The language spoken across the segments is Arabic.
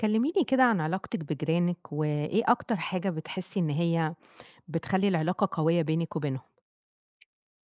كلميني كده عن علاقتِك بجيرانِك، وإيه أكتر حاجة بتحسي إن هي بتخلّي العلاقة قوية بينِك وبينهم؟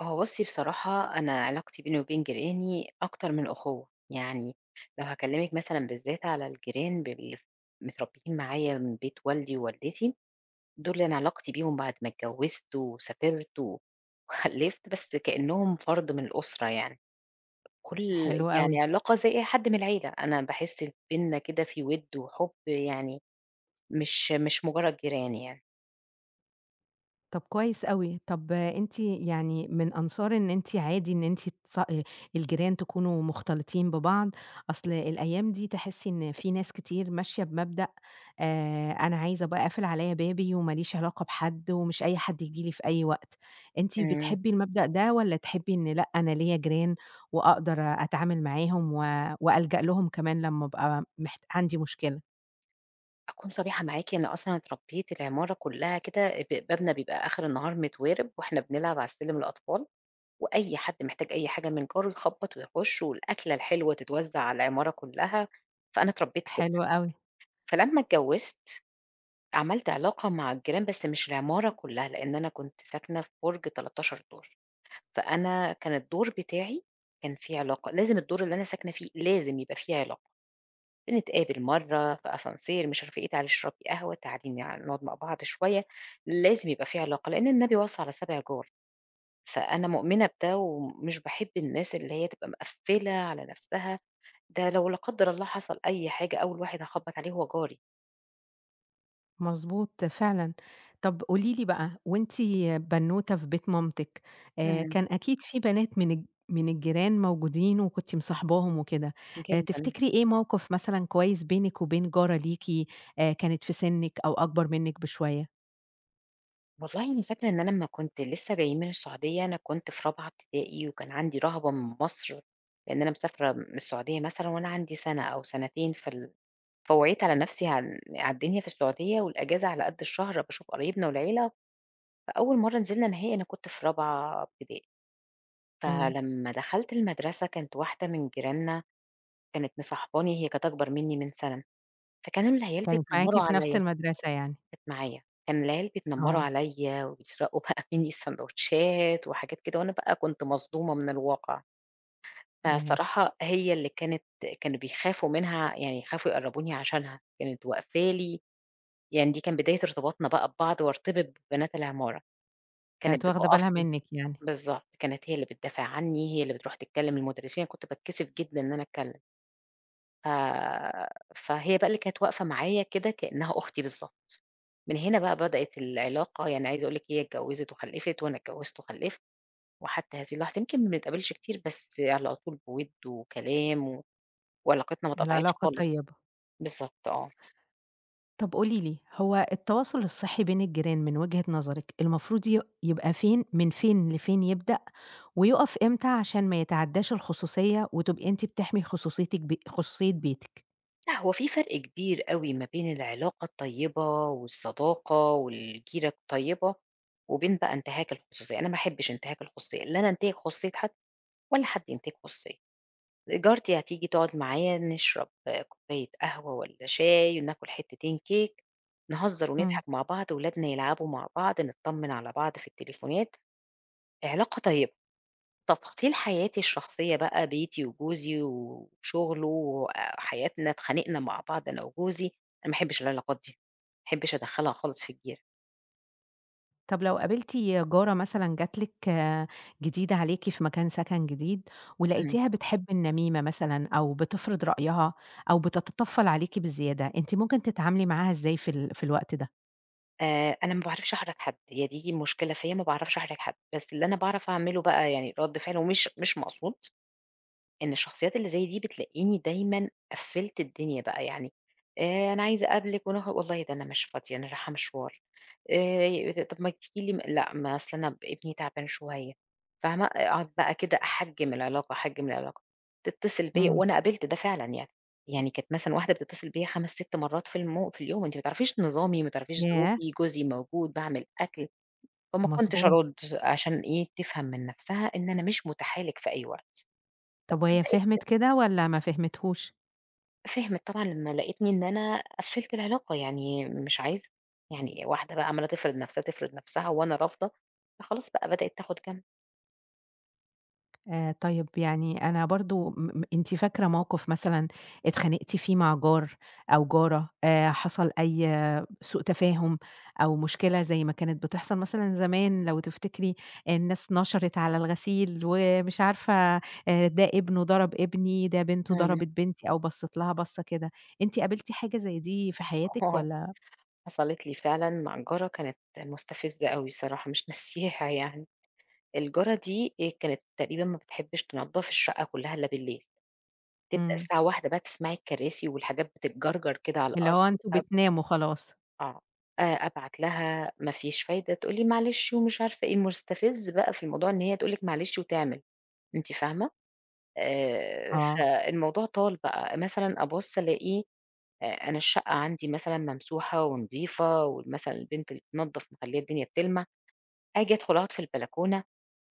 هو بُصي، بصراحة أنا علاقتي بيني وبين جيراني أكتر من أُخُوَّة، يعني لو هاكلمِك مثلًا، بالذات على الجيران بال متربيين معايا من بيت والدي ووالدتي، دُول أنا علاقتي بيهم بعد ما اتجوزت، وسافرت، وخلفت، بس كأنهم فرد من الأسرة يعني. كل حلو أوي. يعني علاقة زي أي حد من العيلة، أنا باحس بيننا كده في وِد وحُب يعني، مش مش مجرد جيران يعني. طَب كويس أوي. طَب أنتِ يعني من أنصار إن أنتِ عادي إن أنتِ تص آآ الجيران تكونوا مختلطين ببعض؟ أصل الأيام دي تحسي إن فيه ناس كتير ماشية بمبدأ آآ أنا عايزة أبقى أقفل عليَّ بابي، وما ليش علاقة بحد، ومش أي حد ييجي لي في أي وقت، أنتِ إمم. بتحبي المبدأ ده، والّا تحبي إن لأ، أنا ليَّ جيران، وأقدر أتعامل معاهم، و وألجأ لهم كمان، لمّا أبقى محت عندي مشكلة؟ أكون صريحة معاكِ، إن أصلًا اتربيت العمارة كلها كده، ب بابنا بيبقى آخر النهار متوارِب، وإحنا بنلعب على السلم الأطفال، وأي حد محتاج أي حاجة من جاره يخبط ويخش، والأكلة الحلوة تتوزع على العمارة كلّها، فأنا اتربيت كده. حلو أوي. فلمّا اتجوزت عملت علاقة مع الجيران، بس مش العمارة كلّها، لإن أنا كنت ساكنة في برج 13 دور، فأنا كان الدور بتاعي كان في علاقة، لازم الدور اللي أنا ساكنة فيه لازم يبقى في علاقة. بنتقابل مرّة في ascenseur مش عارفة إيه، تعالي اشربي قهوة، تعالي ن نقعد مع بعض شوية، لازم يبقى في علاقة، لإن النبي وصى على سابع جار، فأنا مؤمنة بده وم مش باحب الناس اللي هي تبقى مقفلة على نفسها، ده لو لا قدّر الله حصل أي حاجة، أول واحد هاخبط عليه هو جاري. مضبوط، فعلًا. طب قُولي لي بقى، وأنتِ بنوتة في بيت مامتِك، آآ امم. كان أكيد في بنات من الج من الجيران موجودين، وكنتِ مصاحباهم وكده. آآ جدًا. تفتكري إيه موقف مثلًا كويس بينِك وبين جارة ليكِ، آآ كانت في سنِك أو أكبر منِك بشوية؟ والله أنا فاكرة إن أنا أمّا كنت لسه جايين من السعودية أنا كنت في رابعة ابتدائي، وكان عندي رهبة من مصر، لإن أنا مسافرة من السعودية مثلًا وأنا عندي سَنة أو سنتين فال فوعيت على نفْسي عال على الدنيا في السعودية، والأجازة على قد الشهر باشوف قرايبنا والعيلة. فأول مرة نزِلنا نهائي أنا كنت في رابعة ابتدائي، إمم. فلمّا دخَلت المدرسة كانت واحدة من جيراننا كانت مصاحباني، هي كانت أكبر مني من سَنة. فكانوا العيال كانت معاكِ بيتنمروا في عليَّ نفْس المَدرسة يعني. كانت معايا. كان العيال بيتنمروا آه. عليَّ وبيسرقوا بقى مني السندوتشات وحاجات كده، وأنا بقى كنت مصدومة من الواقع. ياه! فالصراحة هي اللي كانت كانوا بيخافوا منها، يعني يخافوا يقربوني عشانها، كانت واقفة لي. يعني دي كان بداية ارتباطنا بقى ببعض وارتبط ببنات العمارة، كانت كانت واخدة بتُقف بالها لي منِك يعني. بالضبط، كانت هي اللي بتدافع عني، هي اللي بترُوح تتكلم المدرسين، أنا كنت باتكسف جدًا إن أنا أتكلم. ف فهي بقى اللي كانت واقفة معايا كده كأنها أختي بالضبط. من هنا بقى بدأت العلاقة، يعني عايزة أقول لِك هي اتجوزت وخلفت وأنا اتجوزت وخلفت، وحتى هذه اللحظة، يمكن ما بنتقابلش كتير بس على طول بوِِدّ وكلام و وعلاقتنا ما اتقطعتش العلاقة خالص. طيبة. بالضبط، آه. طَب قولي لي، هو التواصل الصحي بين الجيران من وجهة نظرِك المفروض ي يبقى فين، من فين لفين يبدأ، ويُقف امتى عشان ما يتعداش الخصوصية، وتبقى أنتِ بتحمي خصوصيتِك بي خصوصية بيتِك؟ لأ هو في فرْق كبير أوي ما بين العلاقة الطيّبة والصداقة والجيْرة الطيّبة، وبين بقى انتهاك الخصوصية أنا ما أحبش انتهاك الخصوصية، لا أنا أنْتهِك خصوصية حد ولا حد ينْتهِك خصوصيتي، جارتي هتيجي تقعد معايا نشرب آآ كوباية قهوة والّا شاي وناكل حتتين كِيك نهزر إمم. ونضحك مع بعض ولادنا يلعبوا مع بعض نطمّن على بعض في التليفونات، علاقة طيّبة، تفاصيل حياتي الشخصية بقى بيتي وجوزي و وشغله وحياتنا اتْخانقْنا مع بعض أنا وجوزي، أنا ما أحبش العلاقات دي ما أحبش أدخلها خالص في الجيْرة. طَب لو قابلتِ جارة مثلًا جات لِك جديدة عليكِ في مكان سكن جديد أمم. ولقيتيها بتحب النميْمة مثلًا أو بتفْرض رأيها أو بتتطفّل عليكِ بزيادة، أنتِ ممكن تتعاملي معاها إزاي في ال في الوقت ده؟ آآ أنا ما باعرفش أحْرِج حد هي دي المشكلة فيّا ما باعرفش أحْرِج حد، بس اللي أنا باعرف أعمله بقى يعني رد فعل ومش مش مقصود، إن الشخصيات اللي زي دي بتلاقيني دايمًا قفِّلت الدنيا بقى، يعني آآ أنا عايزة أقابلِك ونخ والله ده أنا مش فاضية أنا راحة مشْوار، آآ طب ما تيجي لي لأ ما أصل أنا ابني تعبان شوية، فاهمة؟ أقعد بقى كده أحجِّم العلاقة أحجِّم العلاقة، تتصل بيّا إمم. وأنا قابلت ده فعلًا يعني يعني كانت مثلًا واحدة بتتصل بيّا 5 6 مرات في المو في اليوم أنتِ ما تعرفيش نظامي ما تعرفيش ياه! ظروفي جوزي موجود باعمل أكْل، فما كنتش مضبوط. أرُد عشان إيه تفهم من نَفْسها إن أنا مش مُتاحة لِك في أي وقت. طَب وهي فهمِت [unintelligible] كده والّا ما فهمتهوش؟ فهمِت طبعًا لمّا لقتني إن أنا قفّلت العلاقة، يعني مش عايزة، يعني واحدة بقى عَمّالة تفرِض نَفْسها، تفرِض نَفْسها وأنا رافضة، فخلاص بقى بدئِت تاخد جنب. آآ طيب، يعني أنا برضه م م أنتِ فاكرة موقِف مثلًا اتخانقتِ فيه مع جار أو جارة آآ، حصَل أي سوء تفاهم أو مشكلة زي ما كانت بتحصَل مثلًا زمان لو تفتكري، الناس نشرِت على الغسيل ومش عارفة آآ ده ابنه ضرَب ابني، ده بنته إمم. ضربِت بنتي أو بَصّت لها بَصّة كده، أنتِ قابلتِ حاجة زي دي في حياتِك والّا؟ حصَلِت لي فعلًا مع جارة كانت مستفزّة أوي الصراحة مش ناسياها يعني، الجارة دي هي كانت تقريبًا ما بتحبّش تنضّف الشقة كُلّها إلّا بالليل، تبدأ إمم. الساعة 01:00 بقى تسمعي الكراسي والحاجات بتتجَرجَر كده على اللي الأرض هو أنتم وهَبْد. بتناموا خلاص. آه آآ، أبعت لها مفيش فايدة، تقُول لي: "معلش" ومش عارفة إيه، المستفِز بقى في الموضوع إن هي تقُول لِك معلش وتعمل، أنتِ فاهمة، آآ آه. فالموضوع طال بقى، مثلًا أبُص ألاقي آآ أنا الشقة عندي مثلًا ممسوحة ونضيفة وال مثلًا البنت اللي بتنضّف مخلّية الدنيا بتلمَع، آجي أدخُل أقعُد في البلكونة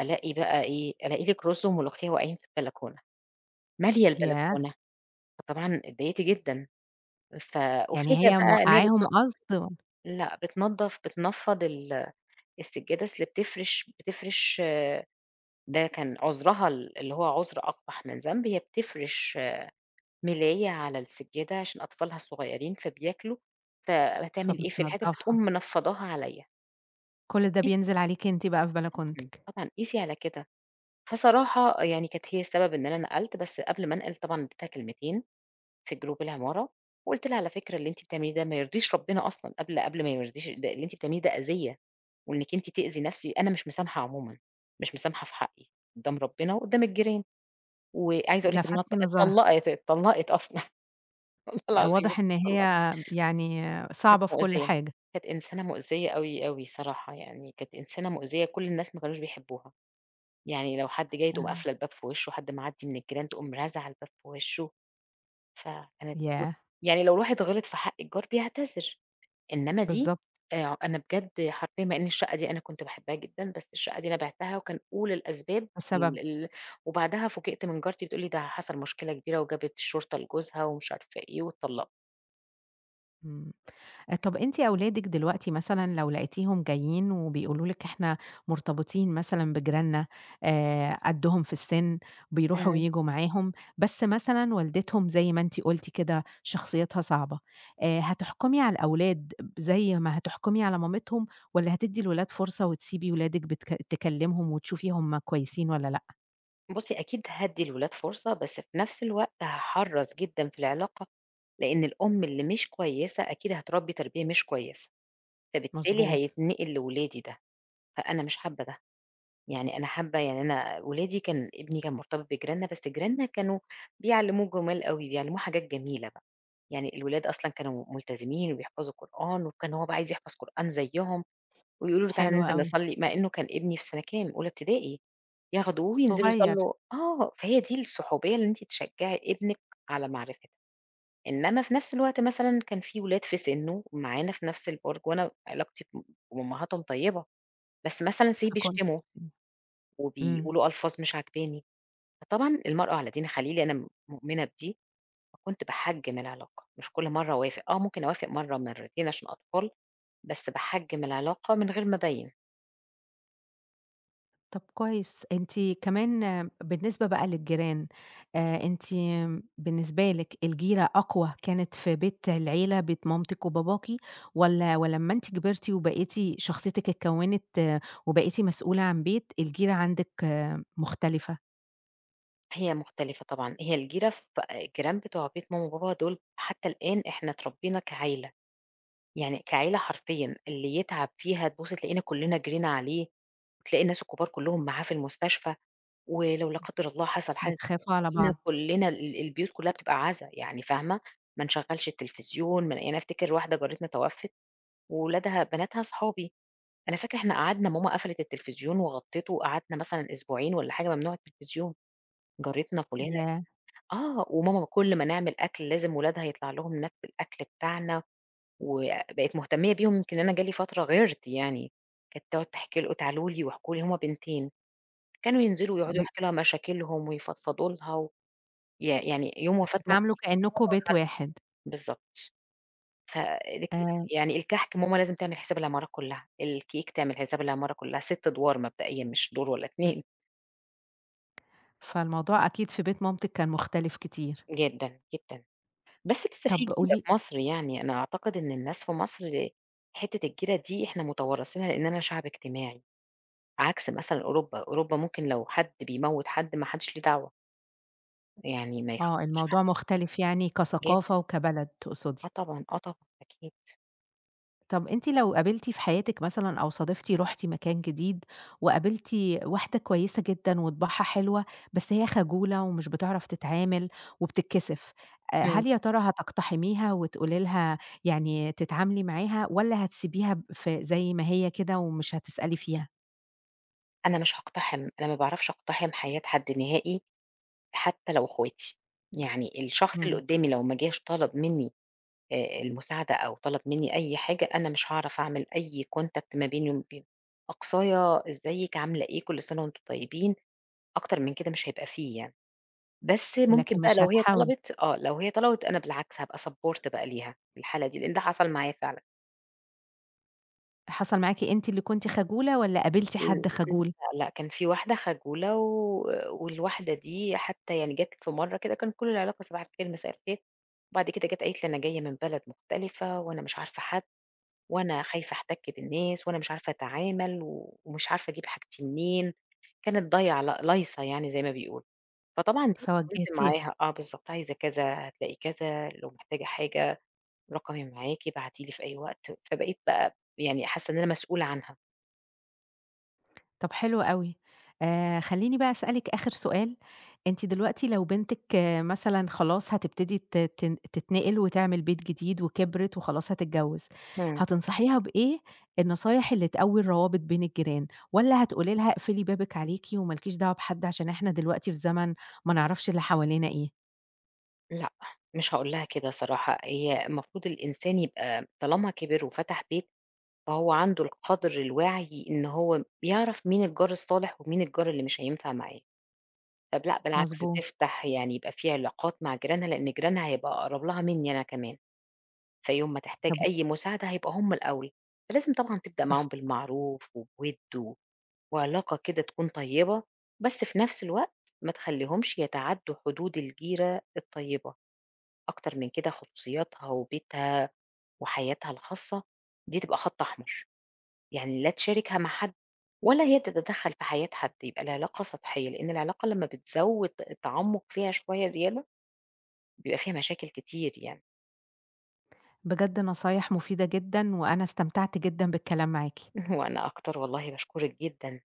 ألاقي بقى إيه، ألاقي لِك رُز وملوخية واقعين في البلكونة، مالية ياه! البلكونة، فطبعًا اتضايِقت جدًا ف يعني أُفاجأ هي بقى إن هي بتن موقّعاهم قصد؟ لأ بتنضّف بتنفّض ال السجّادة، أصْل بتفرِش بتفرِش ده كان عُذرها ال اللي هو عُذر أقبح من ذنب، هي بتفرِش ملاية على السجّادة عشان أطفالها الصغيّرين، فبياكلوا، فهتعمل إيه في الحاجة فتقوم فبتنضّفها. منفّضاها عليَّ. كُلّ ده قيس بينزِل عليكِ أنتِ بقى في آه طبعًا، بلكونتِك. طبعًا قِيسي على كده. فصراحة يعني كانت هي السبب إن أنا نقَلت، بس قبل ما أنقِل طبعًا أنا ادّيتها كلمتين في group العمارة، وقُلت لها على فكرة اللي أنتِ بتعمليه ده ما يرضيش ربنا أصلًا قبل قبل ما ما يرضيش ال ده اللي أنتِ بتعمليه ده أذيّة، وإنِك أنتِ تأذي نَفْسي أنا مش مسامحة عمومًا، مش مسامحة في حقي قدّام ربنا وقدّام الجيران. وعايزة أقول لِك إنها لفتتِ اتط نظرها. اتطلقت، اتطلقت أصلًا. والله آآ العظيم [unintelligible] واضح إن هي اتطلقت. يعني كانت صعبة في كُلّ مؤذية، حاجة. كانت إنسانة مؤذية أوي أوي الصراحة يعني كانت إنسانة مؤذية كُلّ الناس ما كانوش بيحبوها. يعني لو حد جاي تقوم آمم. قافلة الباب في وشه، حد معدي من الجيران تقوم رازعة الباب في وشه. فكانت ياه! ويعني لو واحد غِلط في حق الجار بيعتذر، إنما دي بالضبط. آآ ع أنا بجد حرفيًا مع إن الشقة دي أنا كنت باحبها جدًا، بس الشقة دي أنا بيعتها، وكان أُولى الأسباب ال بسبب؟ ال وبعدها فوجئت من جارتي بتقول لي ده حصَل مشكلة كبيرة وجابت الشرطة لجوزها ومش عارفة إيه واتطلقت. إمم. طَب أنتِ أولادِك دلوقتي مثلًا لو لقيتيهم جايين وبيقولوا لِك إحنا مرتبطين مثلًا بجيراننا آآ قدّهم في السِن بيرُوحوا إمم. وييجوا معاهم، بس مثلًا والدتهم زَي ما أنتِ قُلتِ كده شخصيتها صعبة، آآ هتحكُمي على الأولاد زَي ما هتحكُمي على مامتهم؟ والّا هتدّي الولاد فرصة وتسيبي ولادِك بتك تكلمهم وتشوفي هُم كويسين والّا لأ؟ بُصي أكيد هادي الولاد فرصة بس في نفس الوقت هاحرّص جدًا في العلاقة، لإن الأم اللي مش كويسة أكيد هتربي تربية مش كويسة، فبالتالي مضبوط. هيتنقل لولادي ده فأنا مش حابة ده، يعني أنا حابة يعني أنا ولادي كان ابني كان مرتبط بجيراننا بس جيراننا كانوا بيعلموه جمال أوي بيعلموه حاجات جميلة بقى، يعني الولاد أصلًا كانوا ملتزمين وبيحفظوا قرآن وكان هو بقى عايز يحفظ قرآن زيهم، ويقولوا له: "تعالَ حلو ننزل أوي. نصلي" مع إنه كان ابني في سنة كام؟ أولى ابتدائي ياخدوه وينزلوا صغير. يصلوا آه فهي دي الصحوبية اللي أنتِ تشجعي ابنِك على معرفتها، إنما في نفس الوقت مثلًا كان في ولاد في سنه معانا في نفس البرج وأنا علاقتي مع أمهاتهم طيبة، بس مثلًا Say فكنتِ بيشتموا امم امم. وبيقولوا ألفاظ مش عاجباني، فطبعاً المرء على دين خليله أنا م مؤمنة بدي، فكنت باحجم العلاقة مش كل مرة أوافق، آه ممكن أوافق مرة مرتين عشان الأطفال، بس باحجم العلاقة من غير ما أبيّن. طَب كويس أنتِ كمان بالنسبة بقى للجيران، آآ أنتِ بالنسبة لك الجيرة أقوى كانت في بيت العيلة بيت مامتِك وباباكِ واّلا ولما أنتِ كبرتِ وبقيتِ شخصيتك اتكونت وبقيتِ مسئولة عن بيت الجيرة عندِك مختلفة؟ هي مختلِفة طبعًا، هي الجيرة ف الجيران بتوع بيت ماما وبابا دول حتى الآن إحنا اتربينا كعيلة، يعني كعيلة حرفيًا، اللي يتعَب فيها تبُصّي تلاقينا كلّنا جرينا عليه وتلاقي الناس الكُبار كُلّهم معاه في المستشفى ولو لا قدّر الله حصَل حاجة بتخافوا على تلاقينا بعض. كلّنا، ال البيوت كُلّها بتبقى عزا يعني فاهمة، ما نشغّلش التليفزيون ما يعني أفتكِر واحدة جارتنا توفِّت وولادها بناتها صحابي، فأنا فاكرة إحنا قعَدنا ماما قفلِت التليفزيون وغطِّته وقعَدنا مثلًا أسبوعين والّا حاجة ممنوع التليفزيون، جارتنا فلانة ياه! آه، وماما كلّ ما نعمل أكْل لازم ولادها يطلَع لهم ناب من الأكل بتاعنا وبقت مهتمية بيهم يمكن أنا جالي فترة غِيرت يعني، كانت تقعُد تحكي ل وتعالوا لي واحكوا لي، هُم بنتين كانوا ينزِلوا آه يقعُدوا ب يحكوا لها مشاكلهم ويفضفضوا لها و يع يعني يوم وفاة بتتعاملوا مامتي هُم كأنكم راحوا بيت لها واحد. بالضبط ف ليه كده، آآ يعني الكحك، ماما لازم تعمل حساب العمارة كلّها الcake تعمل حساب العمارة كُلّها 6 أدوار مبدئيًا مش دور والّا 2 فالموضوع أكيد في بيت مامتِك كان مختلِف كتير. جدًا، جدًا، بس لسة في طَب جيرة قولي في مصر، يعني أنا أعتقد إن الناس في مصر حِتّة الجيرة دي إحنا متوارثينها، لإننا شعب اجتماعي عكس مثلًا أوروبا، أوروبا ممكن لو حد بيموّت حد ما حدّش ليه دعوة. يعني ما. آه [unintelligible] الموضوع مختلف يعني جدًا. كثقافة وكبلد آه تقصدي. طبعًا آه طبعًا أكيد. طَب أنتِ لو قابلتِ في حياتِك مثلًا أو صادفتِ رحتِ مكان جديد وقابلتِ واحدة كويسة جدًا وطباعها حلوة، بس هي خجولة ومش بتعرف تتعامل وبتتكسف، آآ امم. هل يا ترى هتقتحميها وتقولي لها يعني تتعاملي معاها؟ والّا هتسيبيها ف زي ما هي كده ومش هتسألي فيها؟ أنا مش هاقتحم، أنا ما باعرفش أقتحم حياة حد نهائي حتى لو اخواتي، يعني الشخص اللي امم. قدامي لو ما جاش طلب مني آآ المساعدة أو طلب مني أي حاجة، أنا مش هاعرف أعمل أي Contact ما بيني وما بينه، أقصايا إزيِك عاملة إيه؟ كل سنة وأنتم طيبين، أكتر من كده مش هيبقى في يعني، بس ممكن لكن بقى مش لو هي هتحاولي؟ طلبت آه لو هي طلبت أنا بالعكس هابقى Support بقى ليها في الحالة دي لإن ده حصل معايا فعلًا. حصل معاكِ أنتِ اللي كنتِ خجولة والّا قابلتِ امم حد م خجول؟ لأ لأ كان في واحدة خجولة و والواحدة دي حتى يعني جات في مرة كده كان كل العلاقة صباح الخير، مساء الخير، وبعد كده جات قالت لي: "أنا جاية من بلد مختلفة وأنا مش عارفة حد وأنا خايفة أحتك بالناس وأنا مش عارفة أتعامل و ومش عارفة أجيب حاجتي منين." كانت ضايعة لأ لايصة يعني زي ما بيقولوا، فطبعًا دي [unintelligible] فواجهتيها. معاها آه بالضبط عايزة كذا هتلاقي كذا لو محتاجة حاجة رقمي معاكِ، ابعتي لي في أي وقت، فبقيت بقى يعني حاسة إن أنا مسؤولة عنها. طَب حلو أوي. آآ خلّيني بقى أسألِك آخر سؤال، أنتِ دلوقتي لو بنتِك مثلًا خلاص هتبتدي ت تـن تتنقِل وتعمل بيت جديد وكِبرت وخلاص هتتجوز، إمم. هتنصحيها بإيه النصايح اللي تقوّي الروابط بين الجيران؟ والّا هتقولي لها اقفلي بابِك عليكِ وما لكيش دعوة بحد عشان إحنا دلوقتي في زمن ما نعرَفش اللي حوالينا إيه؟ لأ، مش هاقول لها كده صراحة، هي المفروض الإنسان يبقى طالما كِبر وفتح بيت، فهو عنده القدْر الواعي إن هو بيعرَف مين الجار الصالح ومين الجار اللي مش هينفع معاه. طَب لأ، بالعكس مضبوط. تفتَح، يعني يبقى في علاقات مع جيرانها، لإن جيرانها هيبقى أقرَب لها منّي أنا كمان. فيوم ما تحتاج طَب و أي مساعدة هيبقى هُم الأول، فلازم طبعًا تبدأ ف معاهم بالمعروف وبوِد و وعلاقة كده تكُون طيبة، بس في نَفْس الوقت ما تخلّيهمش يتعدّوا حدود الجيرة الطيبة. أكتر من كده خصوصياتها وبيتها وحياتها الخاصة، دي تبقى خط أحمر. يعني لا تشاركها مع حد، ولا هي تتدخل في حياة حد، يبقى العلاقة سطحية، لإن العلاقة لما بتزوّد التعمق فيها شوية زيادة، بيبقى فيها مشاكل كتير يعني. بجد نصايح مفيدة جدًا، وأنا استمتعت جدًا بالكلام معاكِ. وأنا أكتر والله باشكرك جدًا.